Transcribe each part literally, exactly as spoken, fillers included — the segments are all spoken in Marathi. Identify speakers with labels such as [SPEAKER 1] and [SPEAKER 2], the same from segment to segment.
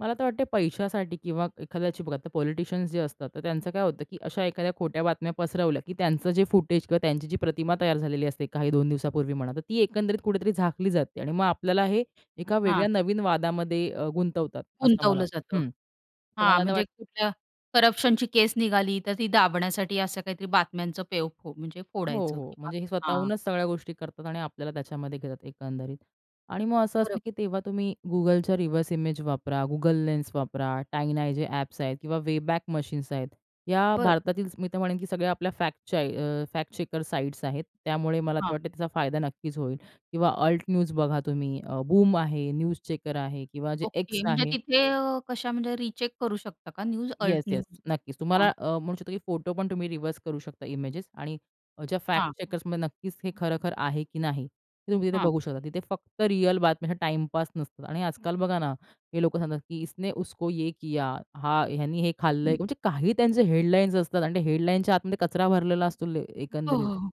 [SPEAKER 1] मला तर वाटतं पैशासाठी किंवा एखाद्याची बघा, आता पॉलिटिशियन्स जे असतात, तर त्यांचं काय होतं, की अशा एखाद्या खोट्या बातम्या पसरवल्या, की त्यांचं जे फुटेज किंवा त्यांची जी प्रतिमा तयार झालेली असते काही दोन दिवसापूर्वी म्हणा, तर ती एकंदरीत कुठेतरी झाकली जाते आणि मग आपल्याला हे एका
[SPEAKER 2] हां.
[SPEAKER 1] वेगळ्या नवीन वादामध्ये अ, गुंतवतात असं मला
[SPEAKER 2] गुंतवलं जातं.
[SPEAKER 1] हं. तर
[SPEAKER 2] हां,
[SPEAKER 1] मला तर
[SPEAKER 2] म्हणजे
[SPEAKER 1] वाटत
[SPEAKER 2] कुठल्या करप्शनची केस निघाली, तर ती दाबण्यासाठी असं काहीतरी बातम्यांचं पेव फो म्हणजे
[SPEAKER 1] हो,
[SPEAKER 2] फोडायचं
[SPEAKER 1] हो,
[SPEAKER 2] किंवा
[SPEAKER 1] म्हणजे हे
[SPEAKER 2] हां.
[SPEAKER 1] स्वतःहूनच सगळ्या गोष्टी करतात आणि आपल्याला त्याच्यामध्ये घेतात एकंदरीत. आणि मग असं असतं,
[SPEAKER 2] बरोबर.
[SPEAKER 1] की तेव्हा तुम्ही Googleच्या रिव्हर्स इमेज वापरा, Google लेन्स वापरा, टाईनाय जे ॲप्स आहेत किंवा वेबॅक मशीन्स आहेत. या
[SPEAKER 2] बरं.
[SPEAKER 1] भारतातील मी तर म्हणेन, की सगळ्या आपल्या फॅक्टच्या अ, फॅक्ट चेकर साइट्स आहेत. त्यामुळे मला
[SPEAKER 2] हां.
[SPEAKER 1] तर वाटतंय त्याचा फायदा नक्कीच होईल किंवा अल्ट न्यूज बघा तुम्ही, अ, बूम आहे, न्यूज चेकर आहे किंवा जे X
[SPEAKER 2] ओके, म्हणजे
[SPEAKER 1] आहे.
[SPEAKER 2] तिथे अ, कशा म्हणजे रीचेक करू शकता का न्यूज, अल्ट
[SPEAKER 1] येस, येस.
[SPEAKER 2] न्यूज?
[SPEAKER 1] नक्कीच तुम्हाला
[SPEAKER 2] हां.
[SPEAKER 1] अ, म्हणू शकतो, की फोटो पण तुम्ही रिव्हर्स करू शकता इमेजेस आणि ज्या फॅक्ट
[SPEAKER 2] हां.
[SPEAKER 1] चेकर्समध्ये नक्कीच, हे खरं-खरं आहे, की नाही हे तुम्ही तिथे
[SPEAKER 2] हां.
[SPEAKER 1] बघू शकता. तिथे फक्त रिअल बातम्या, टाईमपास नसतात आणि आजकाल बघा ना, हे लोकं सांगतात, की इसने उसको ये किया हां, ह्यानी हे खाल्लंय
[SPEAKER 2] हं.
[SPEAKER 1] म्हणजे काही त्यांचे हेडलाईन्स असतात आणि ते हेडलाईन्सच्या आतमध्ये कचरा भरलेला असतो
[SPEAKER 2] हो,
[SPEAKER 1] एकंदरीत.
[SPEAKER 2] हो, हो.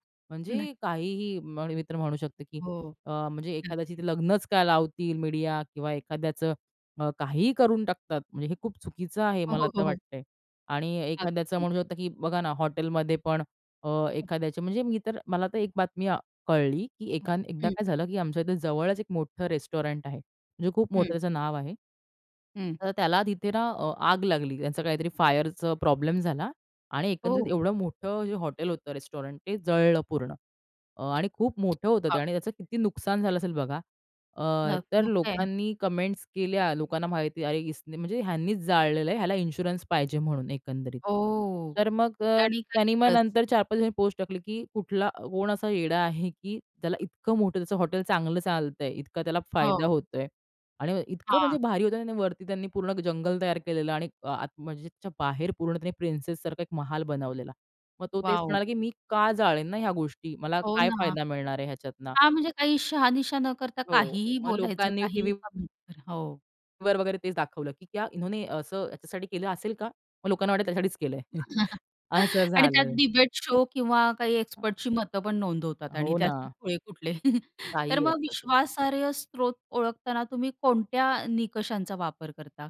[SPEAKER 2] नक्क
[SPEAKER 1] म्हणजे काहीही आणि मी तर म्हणू शकते, की
[SPEAKER 2] हो.
[SPEAKER 1] अ, म्हणजे एखाद्याची
[SPEAKER 2] नक्कीच.
[SPEAKER 1] ते लग्नच काय लावतील मीडिया किंवा एखाद्याचं अ, काहीही करून टाकतात. म्हणजे हे खूप चुकीचं आहे
[SPEAKER 2] हो,
[SPEAKER 1] मला
[SPEAKER 2] हो,
[SPEAKER 1] तर
[SPEAKER 2] हो, हो.
[SPEAKER 1] वाटतंय आणि एखाद्याचं
[SPEAKER 2] अगदी.
[SPEAKER 1] म्हणू शकतो, की बघा ना, हॉटेलमध्ये पण अ, एखाद्याच्या म्हणजे मी तर मला तर एक बातमी अ, कळली, की एक एकदा
[SPEAKER 2] हं.
[SPEAKER 1] काय झालं, की आमच्या इथे जवळच एक मोठं रेस्टॉरंट आहे. जे खूप मोठं
[SPEAKER 2] हं.
[SPEAKER 1] त्याचं नाव आहे.
[SPEAKER 2] हं.
[SPEAKER 1] तर त्याला तिथे ना अ, आग लागली. त्याचं काहीतरी फायरच प्रॉब्लेम झाला आणि एकंदरीत
[SPEAKER 2] हो.
[SPEAKER 1] एवढं मोठं जे हॉटेल होतं, रेस्टॉरंट ते जळलं पूर्ण अ, आणि खूप मोठं होतं ते
[SPEAKER 2] [unintelligible]
[SPEAKER 1] आणि त्याचं किती नुकसान झालं असेल बघा. अ,
[SPEAKER 2] नग
[SPEAKER 1] तर
[SPEAKER 2] मग काय आहे.
[SPEAKER 1] लोकांनी कमेंट्स केल्या, लोकांना माहिती अरे, इसने म्हणजे ह्यांनीच जाळलेलं आहे. ह्याला इन्शुरन्स पाहिजे म्हणून एकंदरीत.
[SPEAKER 2] हो
[SPEAKER 1] तर मग
[SPEAKER 2] ते
[SPEAKER 1] अ,
[SPEAKER 2] आणि काय
[SPEAKER 1] त्यांनी मग
[SPEAKER 2] वेगळंच.
[SPEAKER 1] नंतर चार पाच दिवासांनी पोस्ट टाकली, की कुठला कोण असा येडा आहे, की त्याला इतकं मोठं त्याचं हॉटेल चांगलं चालतंय, इतका त्याला फायदा
[SPEAKER 2] हो.
[SPEAKER 1] होतोय आणि इतकं म्हणजे
[SPEAKER 2] हां.
[SPEAKER 1] भारी होतं. वरती त्यांनी पूर्ण जंगल तयार केलेलं आणि अ, [unintelligible] म्हणजे बाहेर पूर्ण त्याने प्रिन्सेससारखा एक महाल बनवलेला. मग तो तेच
[SPEAKER 2] वॉव!
[SPEAKER 1] म्हणाला, की मी का जाळेन ना ह्या गोष्टी, मला
[SPEAKER 2] हो
[SPEAKER 1] काय
[SPEAKER 2] ना.
[SPEAKER 1] फायदा मिळणार आहे ह्याच्यातनं?
[SPEAKER 2] हां, म्हणजे काही शहानिशा न करता
[SPEAKER 1] हो,
[SPEAKER 2] काहीही
[SPEAKER 1] मग
[SPEAKER 2] बोलायचं,
[SPEAKER 1] लोकांनी
[SPEAKER 2] काहीही
[SPEAKER 1] टीव्ही
[SPEAKER 2] [unintelligible] हो.
[SPEAKER 1] वर वगैरे तेच दाखवलं, की क्या इन्होने असं याच्यासाठी केलं असेल का, मग लोकांना वाटेल त्यासाठीच केलंय असं
[SPEAKER 2] आणि त्यात
[SPEAKER 1] झालं.
[SPEAKER 2] डिबेट शो किंवा काही एक्सपर्टची मतं पण नोंदवतात आणि
[SPEAKER 1] हो
[SPEAKER 2] त्यात
[SPEAKER 1] ना.
[SPEAKER 2] खुळे कुठले. तर
[SPEAKER 1] काहीही
[SPEAKER 2] मग
[SPEAKER 1] असतं.
[SPEAKER 2] विश्वासार्ह स्त्रोत ओळखताना तुम्ही कोणत्या निकषांचा वापर करता?